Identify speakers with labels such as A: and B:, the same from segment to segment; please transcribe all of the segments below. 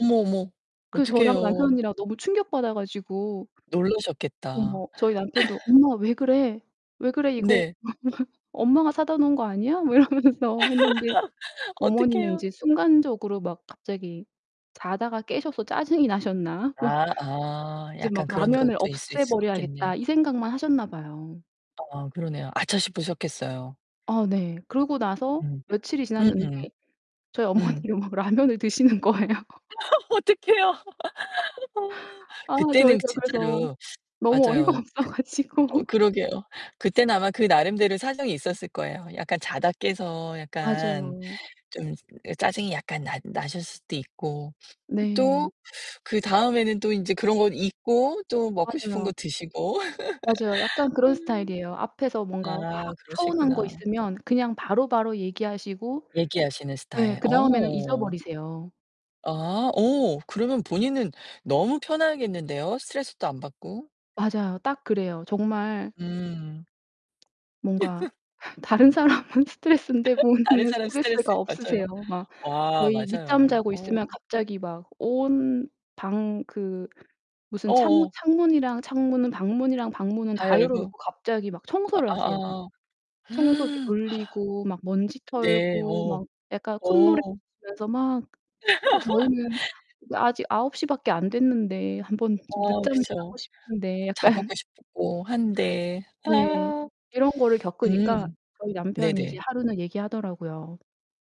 A: 어머, 어머
B: 그 저랑
A: 어떡해요.
B: 남편이랑 너무 충격받아 가지고
A: 놀라셨겠다.
B: 어머 저희 남편도 "엄마 왜 그래? 왜 그래 이거
A: 네.
B: 엄마가 엄마가 사다 놓은 거 아니야?" 막 이러면서 했는데 어머니는
A: 어떡해요?
B: 이제 순간적으로 막 갑자기 자다가 깨셔서 짜증이 나셨나? 막
A: 아, 아.
B: 이제 막
A: 약간 그런
B: '라면을
A: 것도 있을 수 있겠네요.
B: 없애버려야겠다.' 이 생각만 하셨나 봐요.
A: 아 그러네요. 아차 싶으셨겠어요.
B: 아 네. 그러고 나서
A: 음.
B: 며칠이 지났는데
A: 으음.
B: 저희
A: 음.
B: 어머니가 막 라면을 드시는 거예요.
A: 어 어떡해요. 어.
B: 아
A: 그때는
B: 저희가 그래서
A: 진짜로
B: 너무 어이가
A: 맞아요.
B: 없어
A: 그
B: 가지고.
A: 어 그러게요. 그땐 아마 그 나름대로의 사정이 있었을 거예요. 약간 자다 깨서 약간
B: 맞아요.
A: 좀 짜증이 약간 나 나셨을 수도 있고. 그
B: 네.
A: 또 그다음에는 또 인제 그런 거 잊고 또 먹고 싶은 거
B: 맞아요.
A: 드시고.
B: 맞아요. 약간 그런 스타일이에요. 앞에서
A: 아
B: 뭔가
A: 아
B: 확 서운한 거
A: 그러시구나.
B: 있으면 그냥 바로바로 얘기하시고
A: 얘기하시는
B: 예
A: 스타일.
B: 그다음에는
A: 어.
B: 잊어버리세요.
A: 아 오 그러면 본인은 너무 편하겠는데요, 스트레스도 안 받고.
B: 맞아요. 딱 그래요. 정말
A: 음.
B: 뭔가 다른 사람은 스트레스인데
A: 다른
B: 본인은
A: 사람
B: 스트레스가
A: 스트레스. 맞아요.
B: 없으세요. 막
A: 와,
B: 저희 늦잠
A: 맞아요.
B: 자고 있으면
A: 어.
B: 갑자기 막 온 방 그 무슨 창문
A: 어어.
B: 창문이랑 창문은 방문이랑 방문은
A: 다
B: 다 열어
A: 열고.
B: 놓고 갑자기 막 청소를 하세요.
A: 아.
B: 청소기
A: 하.
B: 돌리고 막 먼지
A: 네
B: 털고
A: 어.
B: 막 약간 콧노래 [unintelligible]
A: 어.
B: 면서 막 그 저희는 아직 9:00밖에 안 됐는데 한번 좀
A: 어,
B: 늦잠을 자고
A: 그쵸.
B: 싶은데
A: 자
B: 약간
A: 보고 싶고 한데.
B: 네,
A: 아.
B: 이런 거를 겪으니까
A: 음.
B: 저희 남편이 이제
A: 네네.
B: 하루는 얘기하더라고요.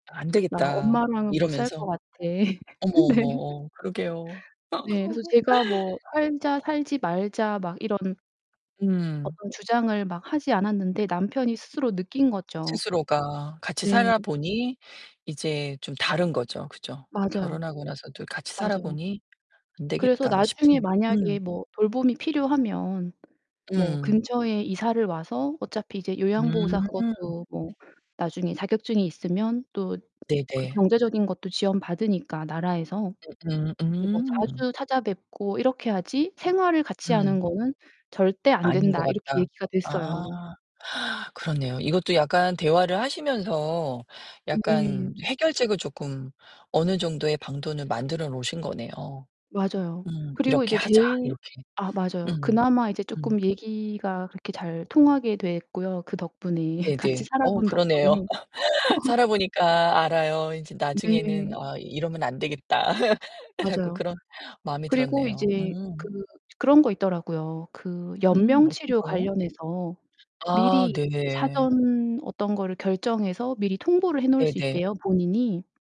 A: "안
B: "나
A: 되겠다."
B: 엄마랑은 못 살 것
A: 이러면서.
B: 같아."
A: 어머, 어머,
B: 네.
A: 어 그러게요.
B: 네, 그래서 제가 뭐 "살자." "살지 말자." 막 이런
A: 음.
B: 어떤 주장을 막 하지 않았는데 남편이 스스로 느낀 거죠.
A: 스스로가 같이
B: 네.
A: 살아 보니 이제 좀 다른 거죠. 그죠?
B: 맞아요.
A: 결혼하고 나서도 같이 살아
B: 맞아요.
A: 보니 안
B: 그래서
A: 되겠다
B: 나중에
A: 싶은.
B: 만약에
A: 음.
B: 뭐 돌봄이 필요하면 뭐
A: 음.
B: 근처에 이사를 와서 어차피 이제 요양보호사
A: 음
B: 그것도 뭐 나중에 자격증이 있으면 또
A: 네네.
B: 경제적인 것도 지원 받으니까 나라에서
A: 음
B: 이제 뭐
A: 음음.
B: 자주 찾아뵙고 이렇게 하지 "생활을 같이하는
A: 음.
B: 거는 절대 안
A: 아닌 것
B: 된다." 이렇게
A: 같다.
B: 얘기가 됐어요.
A: 아. 그렇네요. 이것도 약간 대화를 하시면서
B: 네.
A: 약간 해결책을 쪼끔 어느 정도의 방도는 만들어 놓으신 거네요.
B: 맞아요.
A: 음
B: 그리고
A: '이렇게
B: 이제
A: 하자.'
B: 제일
A: 이렇게.
B: 아 맞아요.
A: 음
B: 그나마 이제
A: 음.
B: 쪼끔 얘기가 그렇게 잘 통하게 됐고요. 그 덕분에 같이
A: 네네.
B: 살아
A: 어
B: 본
A: 그러네요.
B: 덕분에.
A: 살아 보니까 알아요. 인제 나중에는
B: 네.
A: '아 이러면 안 되겠다.' 자꾸
B: 맞아요.
A: 그런 마음이
B: 그리고
A: 들었네요.
B: 이제 그
A: 음.
B: 그런 거 있더라고요. 그
A: 음
B: 연명
A: 어떤
B: 치료
A: 거요?
B: 관련해서
A: 아
B: 미리 이제
A: 네.
B: 사전 어떤 거를 결정해서 미리 통보를 해 놓을 수
A: 네네.
B: 있대요, 본인이.